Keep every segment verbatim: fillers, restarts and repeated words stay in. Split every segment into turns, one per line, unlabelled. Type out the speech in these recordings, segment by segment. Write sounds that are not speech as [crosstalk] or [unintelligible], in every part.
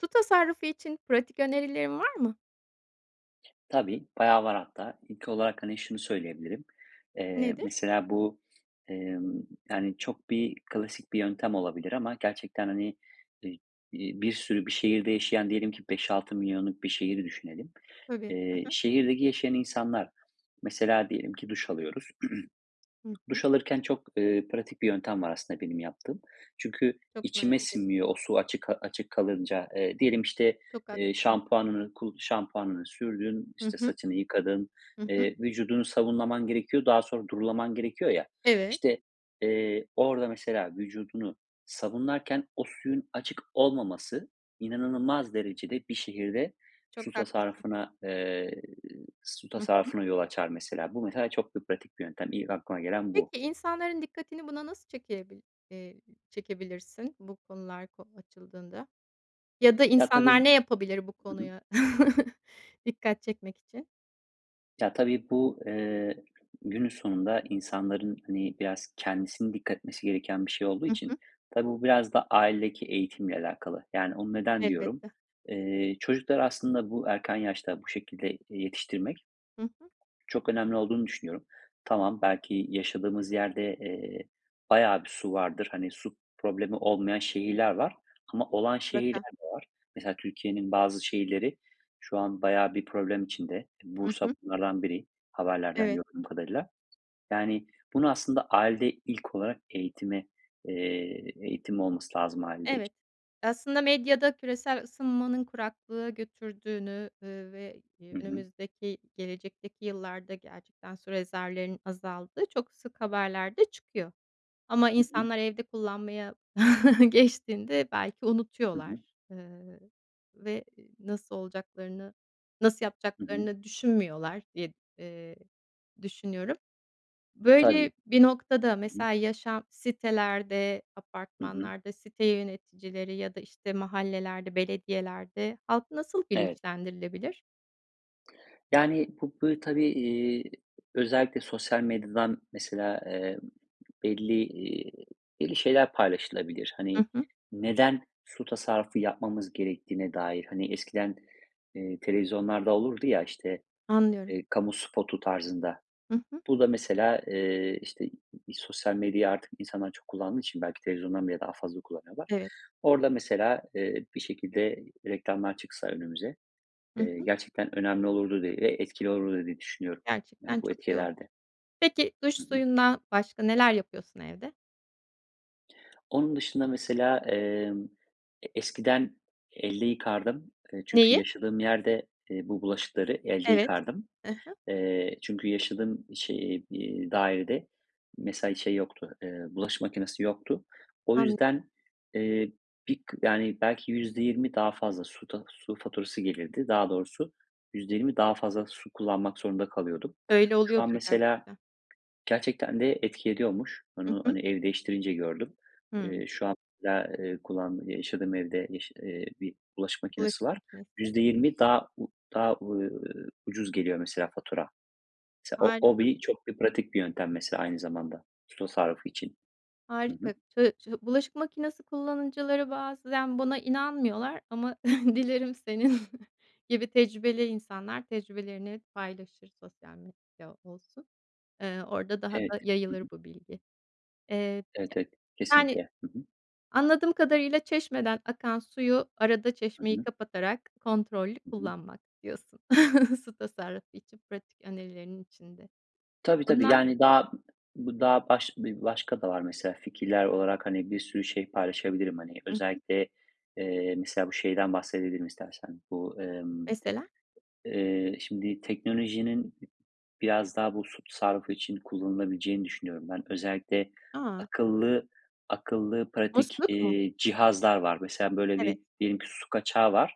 Su tasarrufu için pratik önerilerin var mı?
Tabii. Bayağı var hatta. İlk olarak, hani, şunu söyleyebilirim; eee,
Nedir?
mesela bu, emm, yani, çok bir klasik bir yöntem olabilir ama gerçekten, hani, eee, iii, bir sürü bir şehirde yaşayan diyelim ki beş altı milyonluk bir şehri düşünelim.
Tabii. Hı
Eee,
hı.
şehirdeki yaşayan insanlar, mesela, diyelim ki duş alıyoruz.
Hı
[clears throat]
hı.
Duş alırken çok, ııı, pratik bir yöntem var aslında benim yaptığım. Çünkü
Çok
içime
merak ettim.
sinmiyor, o su açık açık kalınca. Eee, diyelim işte,
Çok
eee,
haklısın.
şampuanını, ku şampuanını sürdün,
Hı
işte,
hı.
saçını yıkadın,
Hı hı.
eee, vücudunu sabunlaman gerekiyor, daha sonra durulaman gerekiyor ya,
Evet.
işte, eee, orada mesela vücudunu sabunlarken o suyun açık olmaması inanılmaz derecede bir şehirde
Çok
su
haklısın.
tasarrufuna, eee, su
Hı hı.
tasarrufına yol açar mesela. Bu mesela çok bir pratik bir yöntem, ilk aklıma gelen bu.
Peki insanların dikkatini buna nasıl çekebil eee, çekebilirsin? Bu konular ko açıldığında? Ya da
Ya tabii,
insanlar
bu
ne yapabilir bu
Hı hı
konuya [chuckles] dikkat çekmek için?
ya, tabii bu, eee, günün sonunda insanların, hani, biraz kendisinin dikkat etmesi gereken bir şey olduğu
Hı
için
hı.
tabii bu biraz da ailedeki eğitimle alakalı, yani onu neden diyorum?
Elbette.
Eee, çocuklar aslında bu erken yaşta bu şekilde, eee, yetiştirmek
Hı hı.
çok önemli olduğunu düşünüyorum. Tamam, belki yaşadığımız yerde, eee, bayağı bir su vardır. Hani, su problemi olmayan şehirler var ama olan
Mutlaka.
şehirler de var. Mesela Türkiye'nin bazı şehirleri şu an bayağı bir problem içinde.
Hı
Bursa
hı.
bunlardan biri haberlerden
Evet.
gördüğüm kadarıyla. Yani, bunu aslında, ailede ilk olarak eğitime, eee, eğitim olması lazım ailede.
Evet. Aslında medyada küresel ısınmanın kuraklığa götürdüğünü, eee, ve
Hı hı.
önümüzdeki gelecekteki yıllarda, gerçekten su rezervlerin azaldığı çok sık haberlerde çıkıyor ama
Hı hı.
insanlar evde kullanmaya [chuckles] geçtiğinde belki
Hı
unutuyorlar,
hı.
eee, ve ı nasıl olacaklarını, nasıl
Hı hı.
yapacaklarını düşünmüyorlar diye, eee, düşünüyorum.
Tabii.
Böyle bir noktada
Hı hı.
mesela, yaşam sitelerde,
Hı hı.
apartmanlarda site yöneticileri ya da işte, mahallelerde, belediyelerde halk nasıl
Evet.
bilinçlendirilebilir?
Yani, bu, böyle, tabii, iii, özellikle sosyal medyadan, mesela, eee, belli, iii, belli şeyler paylaşılabilir. Hani,
Hı hı.
neden su tasarrufu yapmamız gerektiğine dair, hani, eskiden, eee, televizyonlarda olurdu ya, işte,
Anlıyorum.
eee, kamu spotu tarzında,
Hı hı.
bu da, mesela, eee, işte, sosyal medya artık insanlar çok kullandığı için belki televizyondan bile daha fazla kullanıyorlar.
Evet.
Orada, mesela, eee, bir şekilde reklamlar çıksa önümüze,
Hı
eee,
hı.
gerçekten önemli olurdu diye ve etkili olurdu diye düşünüyorum,
Gerçekten
yani, bu
çok
etki
yoğun.
ederdi.
Peki, duş
Hı hı.
suyundan başka neler yapıyorsun evde?
Onun dışında, mesela, emm, e eskiden elde yıkardım, eee, çünkü
Neyi?
yaşadığım yerde, eee, bu bulaşıkları elde
Evet,
yıkardım.
hı hı.
Eee, çünkü yaşadığım şe iii, dairede, mesela, şey yoktu, ııı, bulaşık makinesi yoktu. O
An
yüzden, eee, bir k yani, belki yüzde yirmi daha fazla su ta su faturası gelirdi. Daha doğrusu yüzde yirmi daha fazla su kullanmak zorunda kalıyordum.
Öyle
Şu an,
oluyordur
mesela,
gerçekten.
gerçekten de etki ediyormuş.
Hı
Onu,
hı.
hani, ev değiştirince gördüm.
Hımm.
Eee, şu anda, eee, kullandığım, yaşadığım evde, yaş eee, bir bulaşık makinesi
Bulaşık
var,
makinesi.
yüzde yirmi daha u daha, eee, ucuz geliyor mesela fatura. Mesela, o o
Harika.
bir çok bir pratik bir yöntem, mesela, aynı zamanda, su tasarrufu için. Hı hı.
Harika. Ça şı bulaşık makinesi kullanıcıları bazen bana inanmıyorlar ama [chuckles] dilerim senin gibi tecrübeli insanlar tecrübelerini paylaşır, sosyal medyada olsun. Eee, orada daha
Evet,
da
hı hı.
yayılır bu bilgi. Eee,
Evet, evet.
yani,
Kesinlikle. Hı hı.
anladığım kadarıyla çeşmeden akan suyu, arada
Hı
çeşmeyi
hı.
kapatarak kontrollü
Hı hı.
kullanmak diyorsun [chuckles] su tasarrufu için pratik önerilerinin içinde.
Tabii, tabii,
Bunlar
yani, daha, bu daha baş bir başka da var, mesela, fikirler olarak, hani, bir sürü şey paylaşabilirim, hani,
Hı hı.
özellikle, eee, mesela bu şeyden bahsedebilirim istersen, bu, emm,
Mesela?
eee, şimdi teknolojinin biraz daha bu su tasarrufu için kullanılabileceğini düşünüyorum ben. Özellikle,
A!
akıllı akıllı, pratik,
Musluk mu?
eee, cihazlar var. Mesela, böyle,
Evet.
bir diyelim ki su kaçağı var.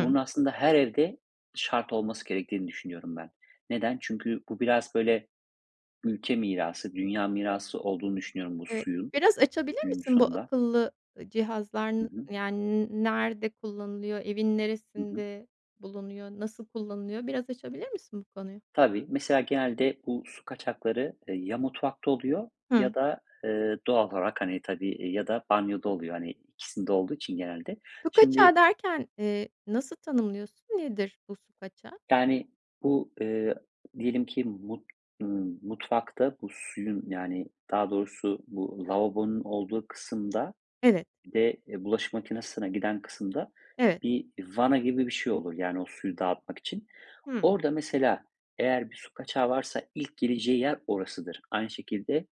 Bunun aslında her evde şart olması gerektiğini düşünüyorum ben. Neden? Çünkü bu biraz, böyle, ülke mirası, dünya mirası olduğunu düşünüyorum bu
Eee,
suyun,
biraz açabilir
günün
misin bu
sonunda.
akıllı, ııı, cihazlar,
Hı
n
hı.
yani, n nerede kullanılıyor, evin
Hı hı.
neresinde bulunuyor, nasıl kullanılıyor? Biraz açabilir misin bu konuyu?
Tabii, mesela, genelde bu su kaçakları, eee, ya mutfakta oluyor ya
Hı.
da, eee, doğal olarak, hani, tabii, eee, ya da banyoda oluyor, hani, ikisinde olduğu için genelde.
Su kaçağı
Şimdi
derken, eee, nasıl tanımlıyorsun? Nedir bu su kaçağı?
Yani, bu, ııı, diyelim ki, mut ımm, mutfakta bu suyun, yani, daha doğrusu bu lavabonun olduğu kısımda,
Evet.
bir de, eee, bulaşık makinesine giden kısımda
Evet.
bir vana gibi bir şey olur, yani, o suyu dağıtmak için.
Hı.
Orada, mesela, eğer bir su kaçağı varsa ilk gireceği yer orasıdır. Aynı şekilde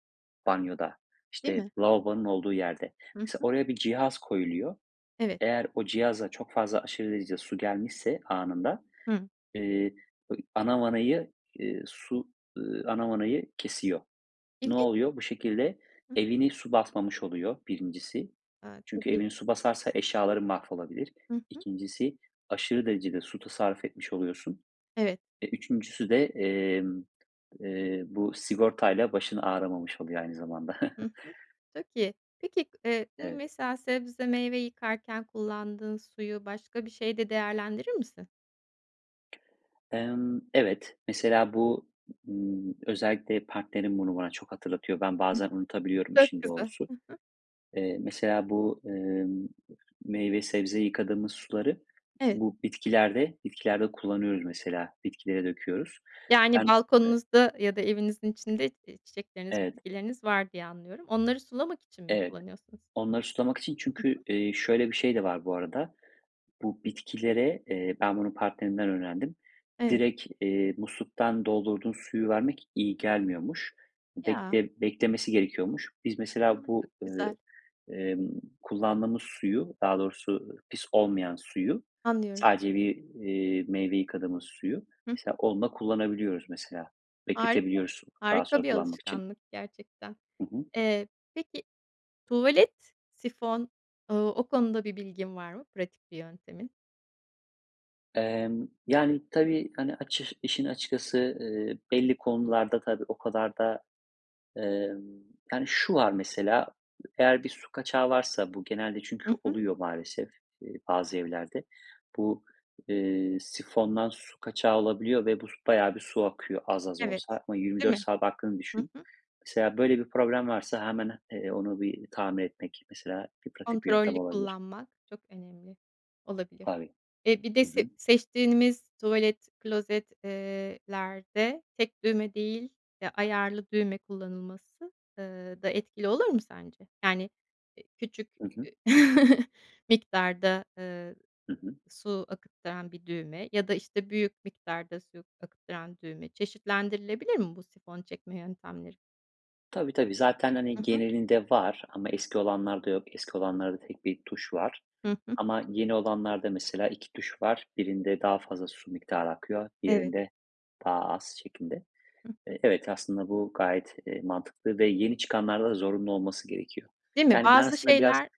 banyoda,
Değil
işte,
mi?
lavabonun olduğu yerde.
Hı
Mesela,
hı.
oraya bir cihaz koyuluyor.
Evet.
Eğer o cihaza çok fazla, aşırı derecede su gelmişse anında,
Hı.
eee, bö ana vanayı, ııı, su, ııı, ana vanayı kesiyor. Ne
İlgin
oluyor? Bu şekilde evini su basmamış oluyor, birincisi.
A,
Çünkü
tabii.
evini su basarsa eşyaların mahvolabilir.
Hı hı.
İkincisi, aşırı derecede su tasarruf etmiş oluyorsun.
Evet.
E, üçüncüsü de, emm, eee, bu sigortayla başın ağrımamış oluyor aynı zamanda.
Hı
[chuckles]
hı. Çok iyi. Peki, eee, hani,
Evet.
mesela sebze meyve yıkarken kullandığın suyu başka bir şeyde değerlendirir misin?
Emm, evet, mesela bu, ııı, özellikle partnerim bunu bana çok hatırlatıyor. Ben bazen unutabiliyorum
Çok
işin
güzel.
doğrusu.
Hı hı.
Eee, mesela bu, ımm, meyve sebze yıkadığımız suları
Evet.
bu bitkilerde bitkilerde kullanıyoruz. Mesela bitkilere döküyoruz. Ben,
Yani,
ııı
balkonunuzda ya da evinizin içinde, i çiçekleriniz
Evet.
bitkileriniz var diye anlıyorum. Onları sulamak için mi
Evet.
kullanıyorsunuz?
Onları sulamak için.
Hı hı.
Çünkü, iii, şöyle bir şey de var bu arada, bu bitkilere, eee, ben bunu partnerimden öğrendim.
Evet.
Direkt, eee, musluktan doldurduğun suyu vermek iyi gelmiyormuş.
Ya.
Bekle beklemesi gerekiyormuş. Biz,
A,
mesela, bu,
çok
ııı,
güzel.
ımm, kullandığımız suyu, daha doğrusu pis olmayan suyu,
Anlıyorum.
sadece bir, iii, meyve yıkadığımız suyu,
Hı hı.
mesela, onunla kullanabiliyoruz, mesela,
Harika!
bekletebiliyoruz s daha
Harika
sonra
bir
kullanmak için.
alışkanlık gerçekten.
Hı hı.
Eee, peki, tuvalet, sifon, ııı, o konuda bir bilgin var mı pratik bir yöntemin?
Emm, yani, tabii, hani, açış işin açıkçası, ııı, belli konularda tabii o kadar da, ımm Yani şu var mesela: Eğer bir su kaçağı varsa, bu genelde çünkü
Hı hı.
oluyor maalesef, iii, bazı evlerde, bu, eee, sifondan su kaçağı olabiliyor ve bu, s bayağı bir su akıyor az az
Evet,
olsa ama yirmi
değil
dört
mi?
saat aktığını
Hı
düşün.
hı.
Mesela böyle bir problem varsa hemen, iii, onu bir tamir etmek mesela bir pratik bir
Kontrollü
yöntem olabilir.
kullanmak çok önemli olabilir,
Tabii.
eee, bir de
Hı
se
hı.
seçtiğimiz tuvalet, klozet, ııı lerde tek düğme değil, ya ayarlı düğme kullanılması, ııı da etkili olur mu sence? Yani, iii, küçük,
Hı hı.
iii, [chuckles] miktarda, ııı,
Hı hı.
su akıttıran bir düğme ya da işte, büyük miktarda su akıttıran düğme çeşitlendirilebilir mi bu sifon çekme yöntemleri?
Tabii, tabii. Zaten,
Hı
hani,
hı.
genelinde var ama eski olanlarda yok, eski olanlarda tek bir tuş var
Hı hı.
ama yeni olanlarda mesela iki tuş var: Birinde daha fazla su miktarı akıyor,
Evet.
diğerinde daha az, şeklinde.
Hı hı.
Eee, evet, aslında bu gayet, eee, mantıklı ve yeni çıkanlarda zorunlu olması gerekiyor.
Değil mi?
Yani ben
Bazı
aslında biraz
şeyler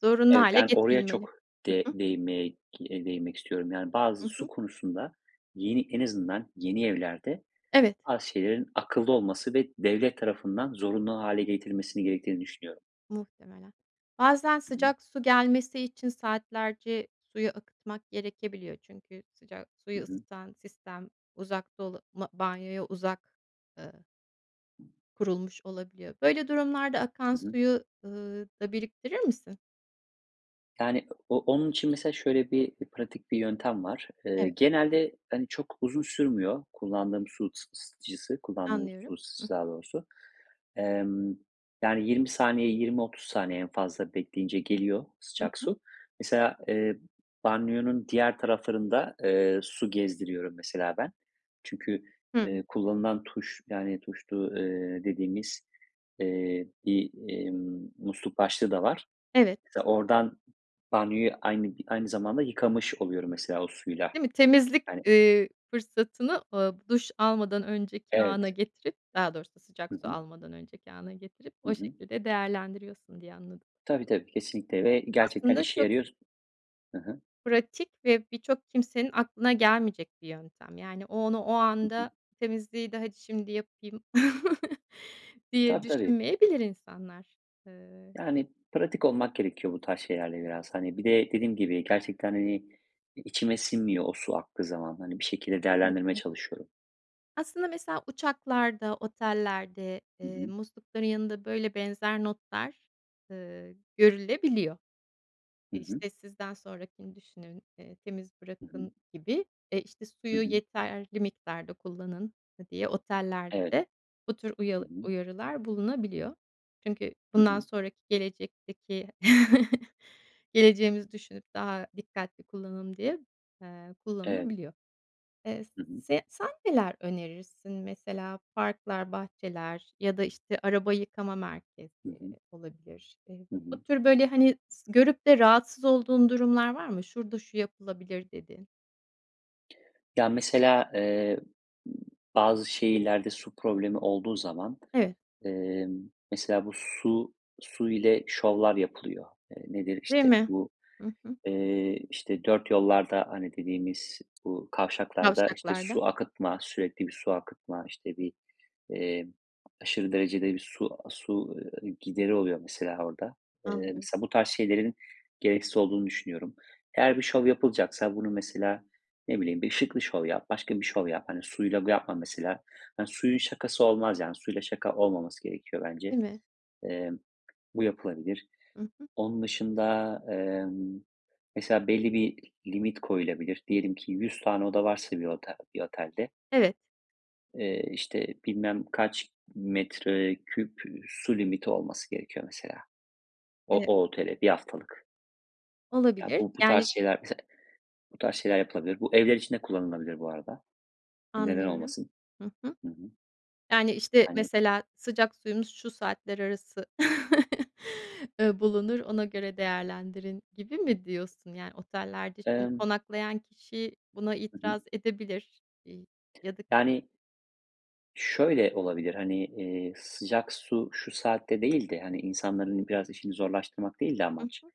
zorunlu
evet,
hâle
yani oraya
getirilmeli.
çok de
Hı hı.
değinmeye k eee, değinmek istiyorum, yani bazı
Hı
su
hı.
konusunda yeni en azından yeni evlerde
Evet.
bazı şeylerin akıllı olması ve devlet tarafından zorunlu hâle getirilmesinin gerektiğini düşünüyorum.
Muhtemelen. Bazen
Hı hı.
sıcak su gelmesi için saatlerce suyu akıtmak gerekebiliyor. Çünkü sıcak
Hı
suyu
hı.
ısıtan sistem uzak dolu ma banyoya uzak, ııı kurulmuş olabiliyor. Böyle durumlarda akan
Hı hı.
suyu, ııı, da biriktirir misin?
Yani o onun için mesela şöyle bir pratik bir yöntem var. Eee,
Evet.
genelde hani çok uzun sürmüyor kullandığım su ısıtıcısı, kullandığımız su
Anlıyorum. Hı
ısıtıcısı daha
hı.
doğrusu, emm, yani yirmi saniye, yirmi otuz saniye en fazla bekleyince geliyor
Hı
sıcak
hı.
su. Mesela, eee, b banyonun diğer taraflarında, eee, su gezdiriyorum mesela ben. Çünkü,
Hı.
eee, kullanılan tuş yani tuşlu, eee, dediğimiz, eee, bir, emm, musluk başlığı da var.
Evet.
Mesela oradan banyoyu aynı aynı zamanda yıkamış oluyorum mesela o suyla.
Değil mi? Temizlik,
Yani
ııı, fırsatını, aaa, duş almadan önceki ana
Evet.
getirip, daha doğrusu
Hı
sıcak su
hı.
almadan önceki ana getirip
Hı
o
hı.
şekilde değerlendiriyorsun diye anladım.
Tabii, tabii. Kesinlikle ve gerçekten
Aslında
işe
çok
yarıyor s Hı hı.
pratik ve birçok kimsenin aklına gelmeyecek bir yöntem, yani o onu o
Hı hı.
anda temizliği de hadi şimdi yapayım [chuckles] diye
Tabii, tabii.
düşünmeyebilir insanlar. Iıı
Yani pratik olmak gerekiyor bu tarz şeylerde biraz. Hani bir de dediğim gibi, gerçekten hani i içime sinmiyor o su aktığı zaman. Hani bir şekilde değerlendirmeye
Elbette.
çalışıyorum.
Aslında mesela uçaklarda, otellerde,
Hı
eee,
hı.
muslukların yanında, böyle, benzer notlar, ııı, görülebiliyor.
Hı hı.
İşte, "Sizden sonrakini düşünün." eee, "Temiz
Hı hı.
bırakın." gibi. E, işte,
Hı
"Suyu
hı.
yeterli miktarda kullanın." ııı, diye
Evet.
otellerde bu tür uyal
Hı hı.
uyarılar bulunabiliyor. Çünkü
Hı
bundan
hı.
sonraki gelecekteki [chuckles] geleceğimizi düşünüp daha dikkatli kullanım diye, eee,
Evet.
kullanılabiliyor. Eee, s
Hı hı.
se sen neler önerirsin? Mesela parklar, bahçeler ya da işte, araba yıkama merkezi
Hı hı.
olabilir. Eee,
Hı hı.
bu tür, böyle, hani, s görüp de rahatsız olduğun durumlar var mı, "Şurada şu yapılabilir." dediğin?
Ya, mesela, eee, b bazı şehirlerde su problemi olduğu zaman,
Evet.
emm, mesela bu su su ile şovlar yapılıyor. Eee, nedir?
Değil
İşte,
mi?
bu,
Hı hı.
eee, işte, dörtyollarda, hani, dediğimiz bu kavşaklarda, işte,
Kavşaklarda.
su akıtma, sürekli bir su akıtma, işte, bir, eee, aşırı derecede bir su a su, ııı, gideri oluyor mesela orada. Eee,
Anlıyorum.
mesela bu tarz şeylerin gereksiz olduğunu düşünüyorum. Eğer bir şov yapılacaksa bunun mesela, ne bileyim, bir ışıklı şov yap, başka bir şov yap. Hani, suyla ga yapma mesela. Hani, suyun şakası olmaz yani. Suyla şaka olmaması gerekiyor bence.
Değil mi?
Emm, bu yapılabilir.
Hı hı.
Onun dışında, emm, mesela belli bir limit koyulabilir. Diyelim ki yüz tane oda varsa bir otel bir otelde
Evet.
eee, işte, bilmem kaç metreküp, ııı, su limiti olması gerekiyor mesela. O
Eee
o otele, bir haftalık. Ya,
Olabilir,
bu bu tarz
yani
şeyler Mesela bu tarz şeyler yapılabilir. Bu evler için de kullanılabilir bu arada. Neden
Anlıyorum,
olmasın?
hı hı.
Hı hı.
Yani, işte,
Hani
mesela "Sıcak suyumuz şu saatler arası, [chuckles] eee, bulunur, ona göre değerlendirin." gibi mi diyorsun yani? Otellerde şimdi,
Emm
konaklayan kişi buna
Hı hı.
itiraz edebilir, iii, yadık
Yani, şöyle olabilir, hani, eee, "sıcak su şu saatte" değil de, hani, insanların biraz işini zorlaştırmak değil de
Hı
amaç.
hı.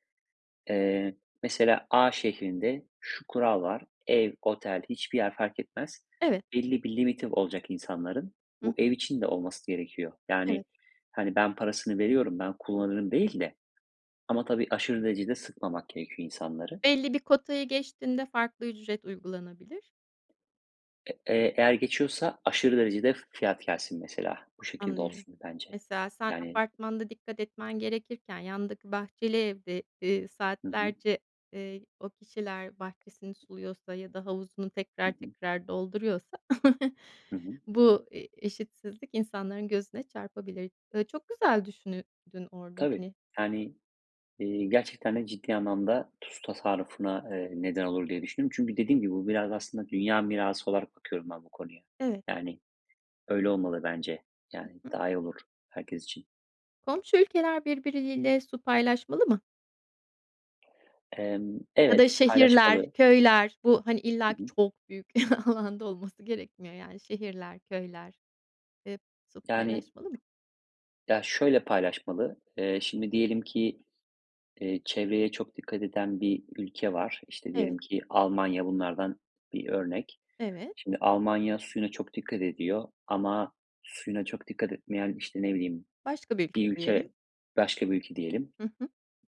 Eee, mesela A şehrinde şu kural var; ev, otel, hiçbir yer fark etmez,
Evet.
belli bir limiti olacak insanların,
Hıh.
bu ev için de olması gerekiyor.
Evet.
Yani, hani, "Ben parasını veriyorum, ben kullanırım." değil de ama tabii aşırı derecede sıkmamak gerekiyor insanları.
Belli bir kotayı geçtiğinde farklı ücret uygulanabilir.
E eee, eğer geçiyorsa aşırı derecede f fiyat gelsin mesela. Bu şekilde
Anlıyorum.
olsun bence.
Mesela, sen
Yani
apartmanda dikkat etmen gerekirken, yandaki bahçeli evde, eee,
Hı hı.
saatlerce, eee, o kişiler bahçesini suluyorsa ya da havuzunu
Hı
tekrar
hı.
tekrar dolduruyorsa [chuckles]
Hı hı.
bu, eee, eşitsizlik insanların gözüne çarpabilir. Iıı, çok güzel düşünüdün orada
Tabii,
hani.
yani, eee, gerçekten de ciddi anlamda su tasarrufuna, eee, neden olur diye düşündüm. Çünkü dediğim gibi, bu biraz da aslında dünya mirası olarak bakıyorum ben bu konuya.
Evet.
Yani, öyle olmalı bence.
Hı
Yani,
hı.
daha iyi olur herkes için.
Komşu ülkeler birbirleriyle su paylaşmalı mı?
Emm,
Ya da
evet
şehirler,
paylaşmalı.
köyler, bu, hani,
Hı
illaki
hı.
çok büyük [chuckles] alanda olması gerekmiyor yani. Şehirler, köyler, eee, su
Yani,
paylaşmalı mı?
ya, şöyle paylaşmalı: Eee, şimdi diyelim ki, eee, çevreye çok dikkat eden bir ülke var. İşte,
Evet.
diyelim ki Almanya bunlardan bir örnek.
Evet.
Şimdi, Almanya suyuna çok dikkat ediyor ama suyuna çok dikkat etmeyen, işte, ne bileyim
Başka bir ülke
bir
diyelim.
ülke Başka bir ülke diyelim,
Hı hı.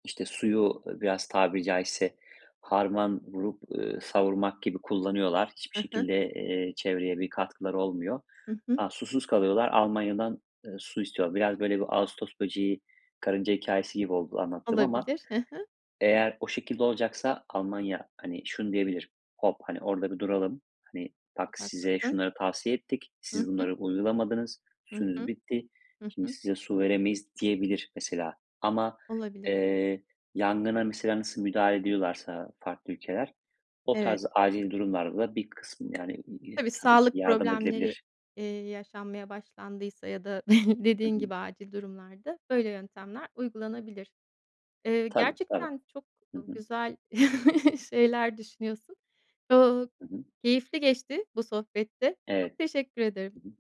işte, suyu biraz, tabiri caizse, harman vurup, ııı, savurmak gibi kullanıyorlar. Hiçbir
Hı hı.
şekilde, eee, çevreye bir katkıları olmuyor.
Hı hı.
Ha, susuz kalıyorlar, Almanya'dan, eee, su istiyorlar. Biraz, böyle, bir "ağustos böceği, karınca" hikâyesi gibi oldu anlattığım ama
Olabilir. Hı hı.
eğer o şekilde olacaksa Almanya, hani, şunu diyebilir: "Hop! Hani, orada bir duralım. Hani, bak,
Çok
size
haklısın.
şunları tavsiye ettik,
Hı
siz
hı.
bunları uygulamadınız,
Hı
suyunuz
hı.
bitti.
Hı
Şimdi
hı.
size su veremeyiz." diyebilir mesela. Ama,
Olabilir.
eee, yangına mesela nasıl müdahale ediyorlarsa farklı ülkeler, o
Evet.
tarz acil durumlarda da bir kısım, yani, ı e
Tabii,
tabii ki
sağlık
yardım
problemleri,
edilebilir.
eee, yaşanmaya başlandıysa ya da [chuckles]
I
dediğin
hı.
gibi, acil durumlarda böyle yöntemler uygulanabilir. Eee,
Tabii, tabii.
gerçekten çok,
Hı
ııı,
hı.
güzel [chuckles] şeyler düşünüyorsun. [unintelligible]
Hı hı.
Keyifli geçti bu sohbet de.
Evet.
Çok teşekkür ederim.
Hı hı.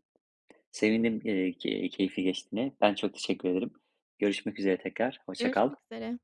Sevindim, eee, k keyifli geçtiğine. Ben çok teşekkür ederim. Görüşmek üzere tekrar, hoşça kal.
Görüşmek üzere.